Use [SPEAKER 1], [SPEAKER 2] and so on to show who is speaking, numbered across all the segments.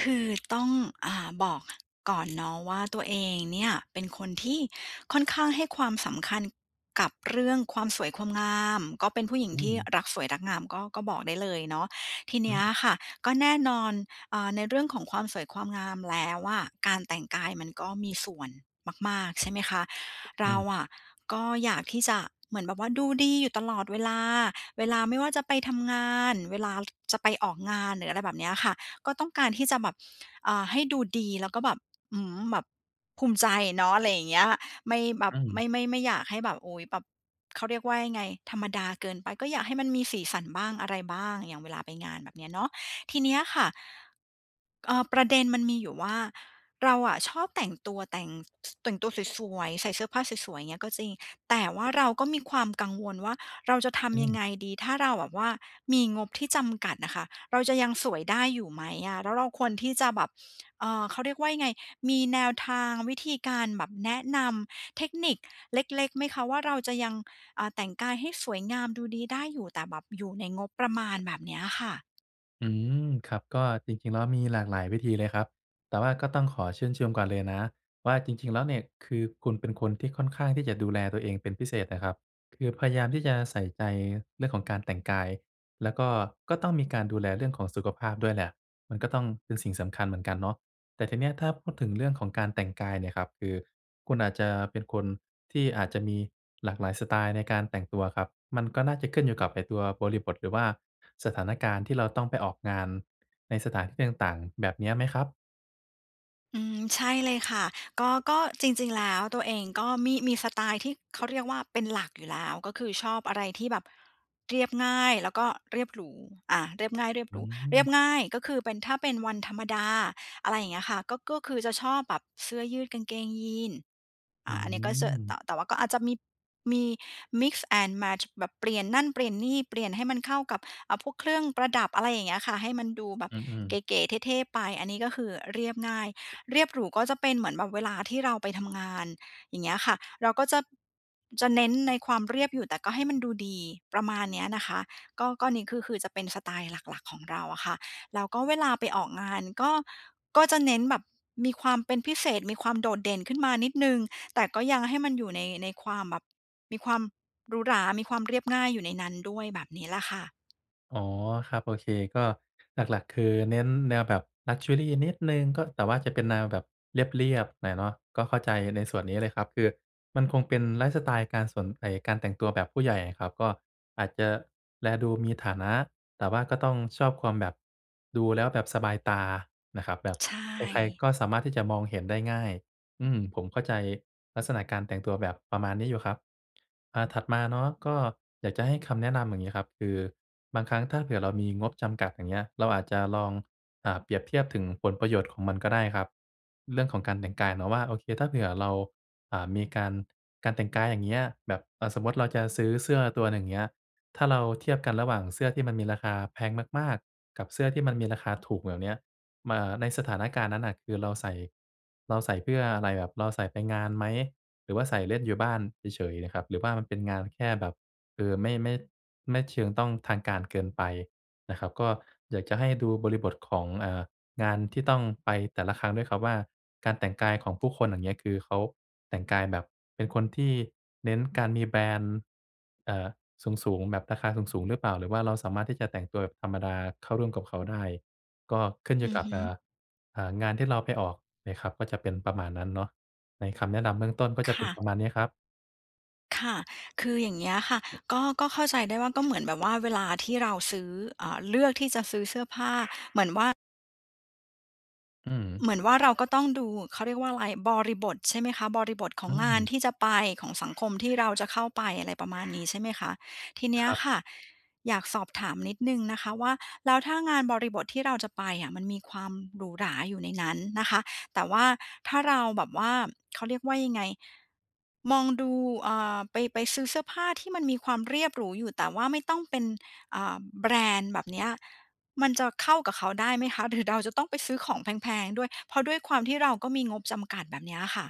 [SPEAKER 1] คือต้อง อ่า บอกก่อนเนาะว่า ตัวเองเนี่ยเป็นคนที่ค่อนข้างให้ความสำคัญกับเรื่องความสวยความงาม ก็เป็นผู้หญิง
[SPEAKER 2] อื
[SPEAKER 1] ที่
[SPEAKER 2] ม
[SPEAKER 1] รักสวยรักงาม ก็ ก็บอกได้เลยเนาะ ทีน
[SPEAKER 2] ฮ
[SPEAKER 1] ี้
[SPEAKER 2] ึ
[SPEAKER 1] อะค่ะ ก็แน่นอน อา ในเรื่องของความสวยความงามแล้วอะ การแต่งกายมันก็มีส่วนมาก ๆ ใช่ไหมคะ เ
[SPEAKER 2] อ
[SPEAKER 1] ร
[SPEAKER 2] ื
[SPEAKER 1] า
[SPEAKER 2] ม
[SPEAKER 1] อะก็อยากที่จะเหมือนแบบว่าดูดีอยู่ตลอดเวลา เวลาไม่ว่าจะไปทำงาน เวลาจะไปออกงาน หรืออะไรแบบเนี้ยค่ะ ก็ต้องการที่จะแบบ อ่า ให้ดูดีแล้วก็แบบ อื้อฮือ แบบ ภูมิใจเนาะ อะไรอย่างเงี้ย ไม่แบบ
[SPEAKER 2] อื
[SPEAKER 1] ไม
[SPEAKER 2] ม
[SPEAKER 1] ่ ไม่ ไม่อยากให้แบบ โอ้ย แบบ เขาเรียกว่ายังไง ธรรมดาเกินไป ก็อยากให้มันมีสีสันบ้างอะไรบ้าง อย่างเวลาไปงานแบบเนี้ยเนาะ ทีเนี้ยค่ะ เออ ประเด็นมันมีอยู่ว่า เราอะชอบแต่งตัวแต่ง แต่งตัวสวย ๆ ใส่เสื้อผ้าสวย ๆ เงี้ยก็จริง แต่ว่าเราก็มีความกังวลว่า เราจะท
[SPEAKER 2] อ
[SPEAKER 1] ำยังไ
[SPEAKER 2] ืม
[SPEAKER 1] งดี ถ้าเราแบบว่ามีงบที่จำกัดนะคะ เราจะยังสวยได้อยู่ไหมอะ? แล้วเราควรที่จะแบบ เออ เขาเรียกว่าไง มีแนวทาง วิธีการแบบแนะนำเทคนิคเล็ก ๆ ไหมคะว่า เราจะยัง อา แต่งกายให้สวยงามดูดีได้อยู่ แต่แบบอยู่ในงบประมาณ แบบนี้อะค่ะ?
[SPEAKER 2] อืม ครับ ก็จริง ๆ แล้วมีหลากหลายวิธีเลยครับ แต่ว่าก็ต้องขอชื่นชมก่อนเลยนะว่า จริง ๆ แล้วเนี่ย คือคุณเป็นคนที่ค่อนข้างที่จะดูแลตัวเองเป็นพิเศษนะครับ คือพยายามที่จะใส่ใจเรื่องของการแต่งกาย แล้วก็ ก็ต้องมีการดูแลเรื่องของสุขภาพด้วยแหละ มันก็ต้องเป็นสิ่งสำคัญเหมือนกันเนาะ แต่ทีนี้อะถ้าพูดถึงเรื่องของการแต่งกายเนี่ยครับ คือคุณอาจจะเป็นคนที่อาจจะมีหลากหลายสไตล์ในการแต่งตัวครับ มันก็น่าจะขึ้นอยู่กับไอ้ตัวบริบท หรือว่าสถานการณ์ที่เราต้องไปออกงานในสถานที่ต่าง ๆ แบบนี้ไหมครับ?
[SPEAKER 1] อืม ใช่เลยค่ะ ก็ ก็จริง ๆ แล้วตัวเองก็มี มีสไตล์ที่เขาเรียกว่าเป็นหลักอยู่แล้ว ก็คือชอบอะไรที่แบบเรียบง่ายแล้วก็เรียบหรู อ่า เรียบง่ายเรียบ
[SPEAKER 2] อ
[SPEAKER 1] ห
[SPEAKER 2] ื
[SPEAKER 1] รู เรียบ
[SPEAKER 2] ม
[SPEAKER 1] ง่ายก็คือเป็น ถ้าเป็นวันธรรมดา อะไรอย่างเงี้ยค่ะ ก็ ก็คือจะชอบแบบเสื้อยืดกางเกงยีนส์
[SPEAKER 2] อ
[SPEAKER 1] อ่
[SPEAKER 2] ื
[SPEAKER 1] า อันนี้ก็จะ ต
[SPEAKER 2] ม
[SPEAKER 1] แต่ว่าก็อาจจะมี มีมิกซ์แอนด์แมตช์ แบบเปลี่ยนนั่น เปลี่ยนนี่ เปลี่ยนให้มันเข้ากับ อ่า พวกเครื่องประดับ อะไรอย่างเงี้ยค่ะ ให้มันดูแบบ
[SPEAKER 2] อืม
[SPEAKER 1] เ
[SPEAKER 2] ๆ
[SPEAKER 1] ก๋ ๆ เท่ ๆ ไป อันนี้ ก็คือเรียบง่าย เรียบหรูก็จะเป็นเหมือนแบบเวลาที่เราไปทำงาน อย่างเงี้ยค่ะ เราก็จะ จะเน้นในความเรียบอยู่ แต่ก็ให้มันดูดี ประมาณเนี้ยนะคะ ก็ ก็นี้คือ คือจะเป็นสไตล์หลัก ๆ ของเราอะค่ะ แล้วก็เวลาไปออกงานก็ ก็จะเน้นแบบมีความเป็นพิเศษ มีความโดดเด่นขึ้นมานิดหนึ่ง แต่ก็ยังให้มันอยู่ใน ในความแบบ มีความหรูหรา มีความเรียบง่ายอยู่ในนั้นด้วย แบบนี้แหละค่ะ
[SPEAKER 2] อ๋อครับ โอเค ก็หลัก ๆ คือเน้นแนวแบบ ลักเชอรี นิดหนึ่ง ก็ แต่ว่าจะเป็นแนวแบบเรียบ ๆ หน่อยเนาะ ก็เข้าใจในส่วนนี้เลยครับ คือมันคงเป็นไลฟ์สไตล์การสน ไอ้การแต่งตัวแบบผู้ใหญ่อะครับ ก็อาจจะแลดูมีฐานะ แต่ว่าก็ต้องชอบความแบบ ดูแล้วแบบสบายตานะครับ แบบ
[SPEAKER 1] ใช
[SPEAKER 2] ใคร ๆ
[SPEAKER 1] ่
[SPEAKER 2] ก็สามารถที่จะมองเห็นได้ง่าย อืม ผมเข้าใจลักษณะการแต่งตัวแบบประมาณนี้อยู่ครับ อ่า ถัดมาเนาะก็อยากจะให้คำแนะนำอย่างนี้ครับ คือบางครั้งถ้าเผื่อเรามีงบจำกัด อย่างเงี้ย เราอาจจะลอง อ่า เปรียบเทียบถึงผลประโยชน์ของมันก็ได้ครับ เรื่องของการแต่งกายเนาะว่า โอเค ถ้าเผื่อเรา อ่า มีการ การแต่งกายอย่างเงี้ย แบบ เอ่อ สมมุติเราจะซื้อเสื้อตัวหนึ่ง เงี้ย ถ้าเราเทียบกันระหว่างเสื้อที่มันมีราคาแพงมาก ๆ กับเสื้อที่มันมีราคาถูก แบบเนี้ย ม อ่า ในสถานการณ์นั้นน่ะ คือเราใส่ เราใส่เพื่ออะไร? แบบเราใส่ไปงานไหม? หรือว่าใส่เล่นอยู่บ้านเฉย ๆ นะครับ หรือว่ามันเป็นงานแค่แบบ เออ ไม่ ไม่ ไม่เชิงต้องทางการเกินไปนะครับ ก็อยากจะให้ดูบริบทของ เอ่อ งานที่ต้องไปแต่ละครั้งด้วยครับว่า การแต่งกายของผู้คน อย่างเงี้ย คือเขาแต่งกายแบบเป็นคนที่เน้นการมีแบรนด์ เอ่อ สูง ๆ แบบราคาสูง ๆ หรือเปล่า? หรือว่าเราสามารถที่จะแต่งตัวแบบธรรมดาเข้าร่วมกับเขาได้ ก็ขึ้นอย
[SPEAKER 1] อ
[SPEAKER 2] ู
[SPEAKER 1] ื
[SPEAKER 2] ่
[SPEAKER 1] อ
[SPEAKER 2] กั
[SPEAKER 1] ฮ
[SPEAKER 2] บ
[SPEAKER 1] ึ
[SPEAKER 2] เอ่อ เอ่อ งานที่เราไปออกเนี่ยครับ ก็จะเป็นประมาณนั้นเนาะ ในคำแนะนำเบื้องต้นก็
[SPEAKER 1] ค
[SPEAKER 2] จะเป็
[SPEAKER 1] ่
[SPEAKER 2] นป
[SPEAKER 1] ะ
[SPEAKER 2] ระมาณเนี้ยครับ
[SPEAKER 1] ค่ะ คืออย่างเงี้ยค่ะ ก็ ก็เข้าใจได้ว่าก็เหมือนแบบว่าเวลาที่เราซื้อ อ่า เลือกที่จะซื้อเสื้อผ้า เหมือนว่า
[SPEAKER 2] อื
[SPEAKER 1] เ
[SPEAKER 2] ม
[SPEAKER 1] หมือนว่าเราก็ต้องดู เขาเรียกว่าอะไร บริบท ใช่ไหมคะ บริบทขอ
[SPEAKER 2] อื
[SPEAKER 1] งงาน
[SPEAKER 2] ม
[SPEAKER 1] ที่จะไปของสังคมที่เราจะเข้าไป อะไรประมาณนี้ ใช่ไหมคะ ทีเน
[SPEAKER 2] ค
[SPEAKER 1] ี้ย
[SPEAKER 2] รับ
[SPEAKER 1] ค่ะอยากสอบถามนิดหนึ่งนะคะว่า แล้วถ้างานบริบทที่เราจะไปอะ มันมีความหรูหราอยู่ในนั้นนะคะ แต่ว่าถ้าเราแบบว่า เขาเรียกว่ายังไง มองดู อ่า ไป ไปซื้อเสื้อผ้าที่มันมีความเรียบหรูอยู่ แต่ว่าไม่ต้องเป็น อ่า แบรนด์แบบเนี้ย มันจะเข้ากับเขาได้ไหมคะ? หรือเราจะต้องไปซื้อของแพง ๆ ด้วย? เพราะด้วยความที่เราก็มีงบจำกัดแบบเนี้ยค่ะ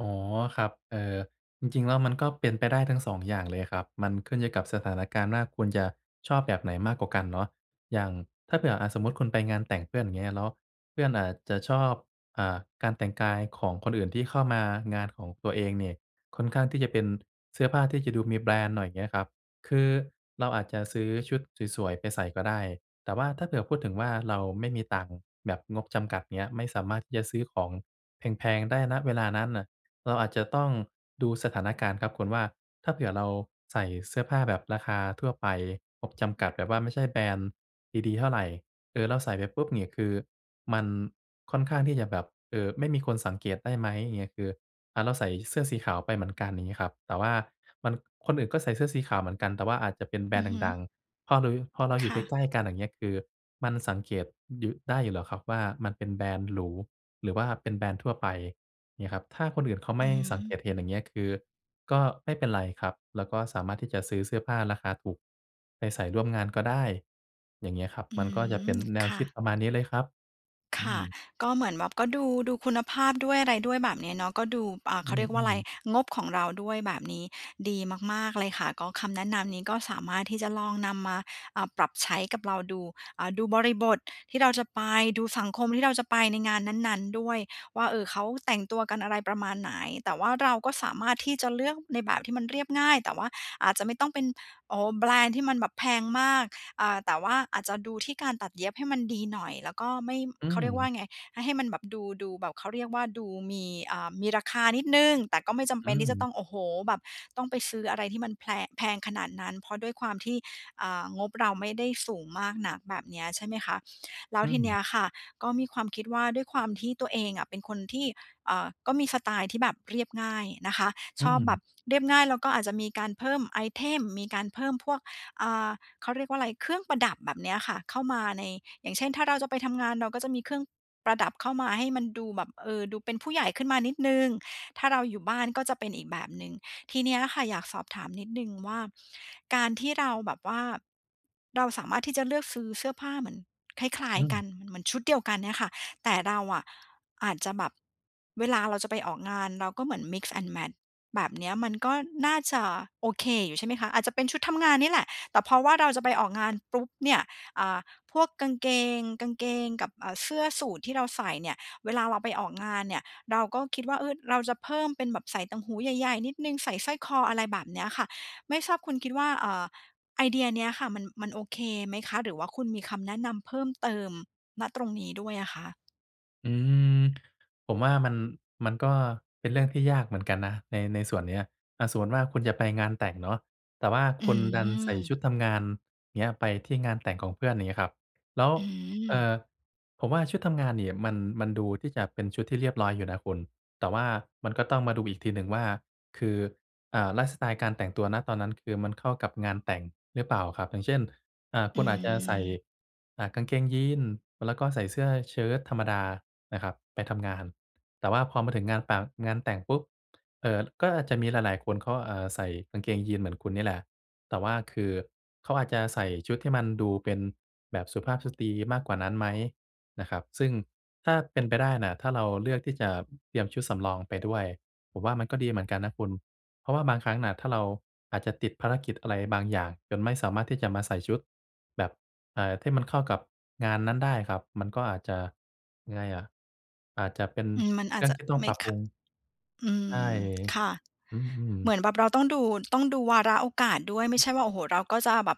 [SPEAKER 2] อ๋อ ครับ เอ่อ จริง ๆ แล้วมันก็เป็นไปได้ทั้ง 2 อย่างเลยครับ มันขึ้นอยู่กับสถานการณ์ว่า คุณจะชอบแบบไหนมากกว่ากันเนาะ อย่าง ถ้าเผื่ออะสมมุติคุณไปงานแต่งเพื่อน เงี้ยเนาะ เพื่อนอาจจะชอบ อ่า การแต่งกายของคนอื่นที่เข้ามางานของตัวเองเนี่ย ค่อนข้างที่จะเป็นเสื้อผ้าที่จะดูมีแบรนด์หน่อยเงี้ยครับ คือเราอาจจะซื้อชุดสวย ๆ ไปใส่ก็ได้ แต่ว่าถ้าเผื่อพูดถึงว่าเราไม่มีตังค์แบบงบจำกัดเงี้ย ไม่สามารถที่จะซื้อของแพง ๆ ได้ ณ เวลานั้นน่ะ เราอาจจะต้องดูสถานการณ์ครับคุณว่า ถ้าเผื่อเราใส่เสื้อผ้าแบบราคาทั่วไปงบจำกัดแบบว่าไม่ใช่แบรนด์ ดี ๆ เท่าไร เอ่อ แล้วใส่ไปปุ๊บเนี่ยคือมันค่อนข้างที่จะแบบ เอ่อ ไม่มีคนสังเกตได้ไหมเงี้ย คือ อะ เราใส่เสื้อสีขาวไปเหมือนกัน อย่างงี้ครับ แต่ว่ามัน คนอื่นก็ใส่เสื้อสีขาวเหมือนกัน แต่ว่าอาจจะเป็นแบร
[SPEAKER 1] อื
[SPEAKER 2] นด
[SPEAKER 1] อ
[SPEAKER 2] ์
[SPEAKER 1] ฮึ
[SPEAKER 2] ดัง ๆ พอหรุย พอเราอ
[SPEAKER 1] ค
[SPEAKER 2] ยู่
[SPEAKER 1] ่
[SPEAKER 2] ใก
[SPEAKER 1] ะ
[SPEAKER 2] ล้ ๆ กัน อย่างเงี้ย คือมันสังเกต อ หยุ ได้อยู่หรอกครับว่า มันเป็นแบรนด์หรู หรือว่าเป็นแบรนด์ทั่วไป เงี้ยครับ ถ้าคนอื่นเขา
[SPEAKER 1] อ
[SPEAKER 2] ไม
[SPEAKER 1] ื
[SPEAKER 2] ่
[SPEAKER 1] อฮ
[SPEAKER 2] สังเก
[SPEAKER 1] ึ
[SPEAKER 2] ตเห็น อย่างเงี้ย คือก็ไม่เป็นไรครับ แล้วก็สามารถที่จะซื้อเสื้อผ้าราคาถูกไปใส่ร่วมงานก็ได้ อย่างเงี้ยครับ
[SPEAKER 1] อื
[SPEAKER 2] มันก็จะเป็
[SPEAKER 1] ม
[SPEAKER 2] นแน
[SPEAKER 1] ค
[SPEAKER 2] ว
[SPEAKER 1] ่
[SPEAKER 2] คิด
[SPEAKER 1] ะ
[SPEAKER 2] ประมาณนี้เลยครับ
[SPEAKER 1] ค
[SPEAKER 2] อื
[SPEAKER 1] ่ะ
[SPEAKER 2] ม
[SPEAKER 1] ก็เหมือนแบบก็ดู ดูคุณภาพด้วยอะไรด้วยแบบนี้เนาะ ก็ดู อ่า
[SPEAKER 2] อ
[SPEAKER 1] เข
[SPEAKER 2] ื
[SPEAKER 1] าเรียกว่าอะไร
[SPEAKER 2] อ ๆ
[SPEAKER 1] งบของเราด้วยแบบนี้ดีมาก ๆ เลยค่ะ ก็คำแนะนำนี้ก็สามารถที่จะลองนำมา อ่า ปรับใช้กับเราดู อ่า ดูบริบทที่เราจะไป ดูสังคมที่เราจะไปในงานนั้น ๆ ด้วยว่า เออ เขาแต่งตัวกันอะไรประมาณไหน แต่ว่าเราก็สามารถที่จะเลือกในแบบที่มันเรียบง่าย แต่ว่าอาจจะไม่ต้องเป็น โอ้โฮ แบรนด์ที่มันแบบแพงมาก อ่า แต่ว่าอาจจะดูที่การตัดเย็บให้มันดีหน่อย แล้วก็ไม่
[SPEAKER 2] อ
[SPEAKER 1] เขาเรียกว่า
[SPEAKER 2] ืม
[SPEAKER 1] ไง ให้ ให้มันแบบดู ดูแบบ เขาเรียกว่าดูมี อ่า มีราคานิดหนึ่ง แต่ก็ไม่จำ
[SPEAKER 2] อ
[SPEAKER 1] เป
[SPEAKER 2] ื
[SPEAKER 1] ็นที่จะต้
[SPEAKER 2] ม
[SPEAKER 1] อง โอ้โฮ แบบ ต้องไปซื้ออะไรที่มันแพรง แพงขนาดนั้น เพราะด้วยความที่ อ่า งบเราไม่ได้สูงมากน่ะแบบเนี้ยใช่ไหมคะ แล้
[SPEAKER 2] อ
[SPEAKER 1] ว
[SPEAKER 2] ื
[SPEAKER 1] ทีเนี้
[SPEAKER 2] ม
[SPEAKER 1] ยค่ะก็มีความคิดว่า ด้วยความที่ตัวเองอะเป็นคนที่ เอ่อ ก็มีสไตล์ที่แบบเรียบง่ายนะคะ
[SPEAKER 2] อื
[SPEAKER 1] ชอบแบ
[SPEAKER 2] ม
[SPEAKER 1] บเรียบง่ายแล้วก็อาจจะมีการเพิ่มไอเทม มีการเพิ่มพวก อ่า เขาเรียกว่าอะไร เครื่องประดับแบบเนี้ยค่ะ เข้ามาใน อย่างเช่น ถ้าเราจะไปทำงาน เราก็จะมีเครื่อง ประดับเข้ามาให้มันดูแบบ เออ ดูเป็นผู้ใหญ่ขึ้นมานิดหนึ่ง ถ้าเราอยู่บ้านก็จะเป็นอีกแบบหนึ่ง ทีเนี้ยค่ะ อยากสอบถามนิดหนึ่งว่า การที่เราแบบว่า เราสามารถที่จะเลือกซื้อเสื้อผ้าเหมือนคล้า
[SPEAKER 2] อื
[SPEAKER 1] ย ๆ ก
[SPEAKER 2] ม
[SPEAKER 1] ัน เหมือนชุดเดียวกันเนี่ยค่ะ แต่เราอะอาจจะแบบ เวลาเราจะไปออกงาน เราก็เหมือน mix and match แบบเนี้ยมันก็น่าจะโอเคอยู่ใช่ไหมคะ อาจจะเป็นชุดทำงานนี่แหละ แต่เพราะว่าเราจะไปออกงานปุ๊บเนี่ย อ่า พวกกางเกง กางเกงกับ อ่า เสื้อสูทที่เราใส่เนี่ยเวลาเราไปออกงานเนี่ย เราก็คิดว่า เออ เราจะเพิ่มเป็นแบบใส่ต่างหูใหญ่ ๆ นิดหนึ่ง ใส่สร้อยคอ อะไรแบบเนี้ยค่ะ ไม่ทราบคุณคิดว่า เอ่อ ไอเดียเนี้ยค่ะ มัน มันโอเคไหมคะ? หรือว่าคุณมีคำแนะนำเพิ่มเติม ณ ตรงนี้ด้วยอะคะ?
[SPEAKER 2] อืม ผมว่ามัน มันก็เป็นเรื่องที่ยากเหมือนกันนะ ใน ในส่วนเนี้ย อะ สมมุติว่า คุณจะไปงานแต่งเนาะ แต่ว่า
[SPEAKER 1] อื
[SPEAKER 2] คุณดันใส่
[SPEAKER 1] ม
[SPEAKER 2] ชุดทำงานเนี้ยไปที่งานแต่งของเพื่อน อย่างนี้ครับ แล้ว
[SPEAKER 1] อื
[SPEAKER 2] เอ่
[SPEAKER 1] ม
[SPEAKER 2] อ ผมว่าชุดทำงานเนี่ยมัน มันดูที่จะเป็นชุดที่เรียบร้อยอยู่นะคุณ แต่ว่ามันก็ต้องมาดูอีกทีหนึ่งว่า คือ อ่า ไลฟ์สไตล์การแต่งตัว ณ ตอนนั้นคือมันเข้ากับงานแต่งหรือเปล่าครับ? อย่างเช่น อ่า
[SPEAKER 1] อ
[SPEAKER 2] ค
[SPEAKER 1] ื
[SPEAKER 2] ุณอาจจะใส่
[SPEAKER 1] ม
[SPEAKER 2] อ่า กางเกงยีนส์ แล้วก็ใส่เสื้อเชิ้ตธรรมดานะครับไปทำงาน แต่ว่าพอมาถึงงานตั๋ง งานแต่งปุ๊บ เอ่อ ก็อาจจะมีหลาย ๆ คนก็ เอ่อ ใส่กางเกงยีนส์เหมือนคุณนี่แหละ แต่ว่าคือเขาอาจจะใส่ชุดที่มันดูเป็นแบบสุภาพสตรีมากกว่านั้นไหม? นะครับ ซึ่งถ้าเป็นไปได้น่ะ ถ้าเราเลือกที่จะเตรียมชุดสำรองไปด้วย ผมว่ามันก็ดีเหมือนกันนะคุณ เพราะว่าบางครั้งน่ะ ถ้าเราอาจจะติดภารกิจอะไรบางอย่างจนไม่สามารถที่จะมาใส่ชุด แบบ เอ่อ ที่มันเข้ากับงานนั้นได้ครับ มันก็อาจจะ ยังไงอะ อาจจะเป็น
[SPEAKER 1] อืม มันอ
[SPEAKER 2] เ
[SPEAKER 1] า
[SPEAKER 2] ร
[SPEAKER 1] จ
[SPEAKER 2] ื่อ
[SPEAKER 1] จ
[SPEAKER 2] ง
[SPEAKER 1] ะ
[SPEAKER 2] ที่ต้อง
[SPEAKER 1] ไม่
[SPEAKER 2] ปรับ
[SPEAKER 1] ข
[SPEAKER 2] ปรุ
[SPEAKER 1] ะ
[SPEAKER 2] ง
[SPEAKER 1] อื
[SPEAKER 2] ใช่
[SPEAKER 1] ม ค่ะ
[SPEAKER 2] อื
[SPEAKER 1] เหม
[SPEAKER 2] ม
[SPEAKER 1] ือนแบบเราต้องดู ต้องดูวาระโอกาสด้วย ไม่ใช่ว่า โอ้โฮ! เราก็จะแบบ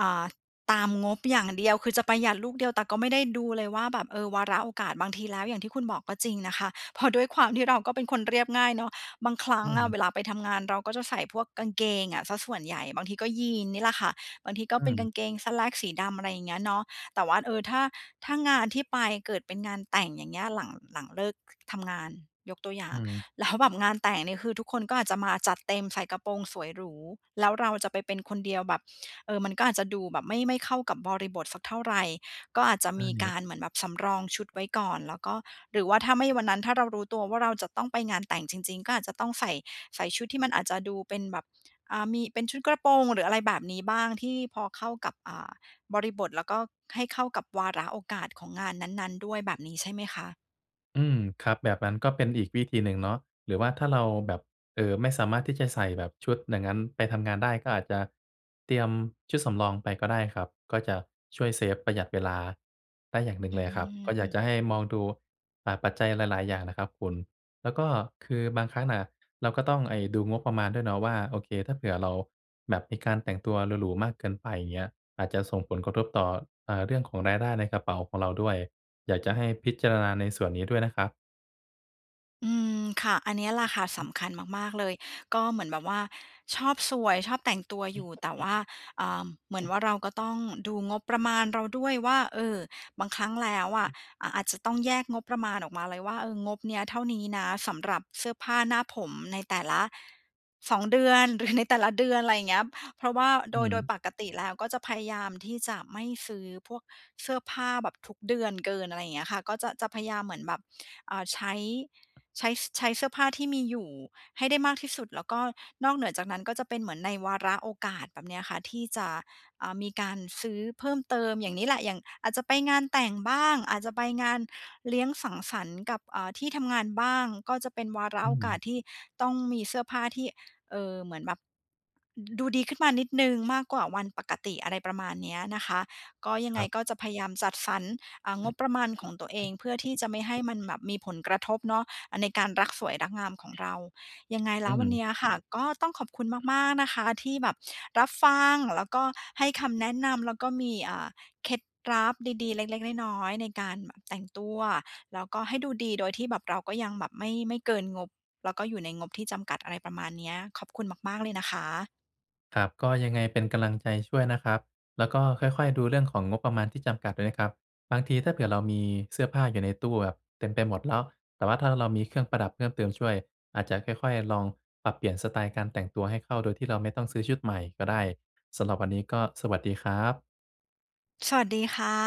[SPEAKER 1] อ่า ตามงบอย่างเดียว คือจะประหยัดลูกเดียว แต่ก็ไม่ได้ดูเลยว่าแบบ เออ วาระโอกาสบางทีแล้วอย่างที่คุณบอกก็จริงนะคะ เพราะด้วยความที่เราก็เป็นคนเรียบง่ายเนาะ บางครั้
[SPEAKER 2] อ
[SPEAKER 1] ง
[SPEAKER 2] ื
[SPEAKER 1] น่ะ
[SPEAKER 2] ม
[SPEAKER 1] เวลาไปทำงาน เราก็จะใส่พวกกางเกงอะเสียส่วนใหญ่ บางทีก็ยีนส์นี่แหละค่ะ บางทีก็
[SPEAKER 2] อื
[SPEAKER 1] เป็นกา
[SPEAKER 2] ม
[SPEAKER 1] งเกง Slacks สีดำ อะไรอย่างเงี้ยเนาะ แต่ว่า เออ ถ้า ถ้างานที่ไปเกิดเป็นงานแต่ง อย่างเงี้ย หลัง หลังเลิก ท ทำงาน ยกตัวอย่
[SPEAKER 2] อ
[SPEAKER 1] า
[SPEAKER 2] ื
[SPEAKER 1] ง
[SPEAKER 2] ม
[SPEAKER 1] แล้ว แบบ งานแต่งเนี่ย คือทุกคนก็อาจจะมาจัดเต็มใส่กระโปรงสวยหรู แล้วเราจะไปเป็นคนเดียวแบบ เออ มันก็อาจจะดูแบบไม่ ไม่เข้ากับบริบทสักเท่าไร ก็อาจจะ
[SPEAKER 2] อ
[SPEAKER 1] ม
[SPEAKER 2] า
[SPEAKER 1] ี
[SPEAKER 2] เงี
[SPEAKER 1] ก
[SPEAKER 2] ้ย
[SPEAKER 1] ารเหมือนแบบสำรองชุดไว้ก่อน แล้วก็ หรือว่าถ้าไม่ วันนั้นถ้าเรารู้ตัวว่า เราจะต้องไปงานแต่งจริง ๆ ก็อาจจะต้องใส่ ใส่ชุดที่มันอาจจะดูเป็นแบบ อ่า มี เป็นชุดกระโปรง หรืออะไรแบบนี้บ้างที่พอเข้ากับ อ่า บริบท แล้วก็ให้เข้ากับวาระโอกาสของงานนั้น ๆ ด้วยแบบนี้ใช่ไหมคะ?
[SPEAKER 2] อืม ครับ แบบนั้นก็เป็นอีกวิธีหนึ่งเนาะ หรือว่าถ้าเราแบบ เอ่อ ไม่สามารถที่จะใส่แบบชุดอย่างงั้นไปทำงานได้ ก็อาจจะเตรียมชุดสำรองไปก็ได้ครับ ก็จะช่วยเซฟ ประหยัดเวลาได้อย่างหนึ่
[SPEAKER 1] อ
[SPEAKER 2] ง
[SPEAKER 1] ื
[SPEAKER 2] เลยครับ
[SPEAKER 1] ม
[SPEAKER 2] ก็อ
[SPEAKER 1] อ
[SPEAKER 2] ย
[SPEAKER 1] ื
[SPEAKER 2] าก
[SPEAKER 1] อ
[SPEAKER 2] จะให้มองดู อ่า ปัจจัยหลาย ๆ อย่างนะครับคุณ แล้วก็คือบางครั้งน่ะเราก็ต้องไอ้ ดูงบประมาณด้วยเนาะว่า โอเค ถ้าเผื่อเราแบบมีการแต่งตัวหรู ๆ มากเกินไป อย่างเงี้ย อาจจะส่งผลกระทบต่อ เอ่อ เรื่องของรายได้ในกระเป๋าของเราด้วย อยากจะให้พิจารณาในส่วนนี้ด้วยนะครับ
[SPEAKER 1] อืม ค่ะ อันเนี้ยแหละค่ะสำคัญมาก ๆ เลย ก็เหมือนแบบว่าชอบสวย ชอบแต่งตัวอยู่ แต่ว่า เอ่อ เหมือนว่า เราก็ต้องดูงบประมาณเราด้วยว่า เออ บางครั้งแล้วอะ อ่า อาจจะต้องแยกงบประมาณออกมาเลยว่า เออ งบเนี้ยเท่านี้นะสำหรับเสื้อผ้าหน้าผมในแต่ละ 2เดือน หรือ ในแต่ละเดือน อะไรเงี้ย เพราะว่าโ
[SPEAKER 2] อ
[SPEAKER 1] ด
[SPEAKER 2] ื
[SPEAKER 1] ย โดย
[SPEAKER 2] อ
[SPEAKER 1] ปกติแล้วก็จะพยายามที่จะไม่ซื้อพวกเสื้อผ้าแบบทุกเดือนเกิน อะไรอย่างเงี้ยค่ะ ก็จะ จะพยายามเหมือนแบบ เอ่อ ใช้ ใช้ ส ใช้เสื้อผ้าที่มีอยู่ให้ได้มากที่สุด แล้วก็นอกเหนือจากนั้นก็จะเป็นเหมือนในวาระโอกาส แบบเนี้ยค่ะ ที่จะ อ่า มีการซื้อเพิ่มเติม อย่างนี้แหละ อย่างอาจจะไปงานแต่งบ้าง อาจจะไปงานเลี้ยงสังสรรค์กับ อ่า ที่ทำงานบ้าง ก็จะเป็นวาระ
[SPEAKER 2] อื
[SPEAKER 1] โอกาส
[SPEAKER 2] ม
[SPEAKER 1] ที่ต้องมีเสื้อผ้าที่ เออ เหมือนแบบ อ ดูดีขึ้นมานิดหนึ่งมากกว่าวันปกติ อะไรประมาณเนี้ยนะคะ ก็ยัง
[SPEAKER 2] ค
[SPEAKER 1] ไง
[SPEAKER 2] รับ
[SPEAKER 1] ก็จะพยายามจัดสรร อ่า งบประมาณของตัวเอง เพื่อที่จะไม่ให้มันแบบมีผลกระทบเนาะ อา ในการรักสวยรักงามของเรา ยังไงแ
[SPEAKER 2] อ
[SPEAKER 1] ล
[SPEAKER 2] ื
[SPEAKER 1] ้ววันเนี
[SPEAKER 2] ม
[SPEAKER 1] ้ยค่ะ ก็ต้องขอบคุณมาก ๆ นะคะ ที่แบบรับฟัง แล้วก็ให้คำแนะนำ แล้วก็มี อ่า เคล็ดลับดี ๆ เล็ก ๆ น้อย ๆ ในการแบบแต่งตัว แล้วก็ให้ดูดีโดยที่แบบเราก็ยังแบบไม่ ไม่เกินงบ แล้วก็อยู่ในงบที่จำกัด อะไรประมาณเนี้ย ขอบคุณมาก ๆ เลยนะคะ
[SPEAKER 2] ครับ ก็ยังไงเป็นกำลังใจช่วยนะครับ แล้วก็ค่อย ๆ ดูเรื่องของงบประมาณที่จำกัดด้วยนะครับ บางทีถ้าเผื่อเรามีเสื้อผ้าอยู่ในตู้แบบเต็มไปหมดแล้ว แต่ว่าถ้าเรามีเครื่องประดับเพิ่มเติมช่วย อาจจะค่อย ๆ ลองปรับเปลี่ยนสไตล์การแต่งตัวให้เข้าโดยที่เราไม่ต้องซื้อชุดใหม่ก็ได้ สำหรับวันนี้ก็สวัสดีครับ
[SPEAKER 1] สวัสดีค่ะ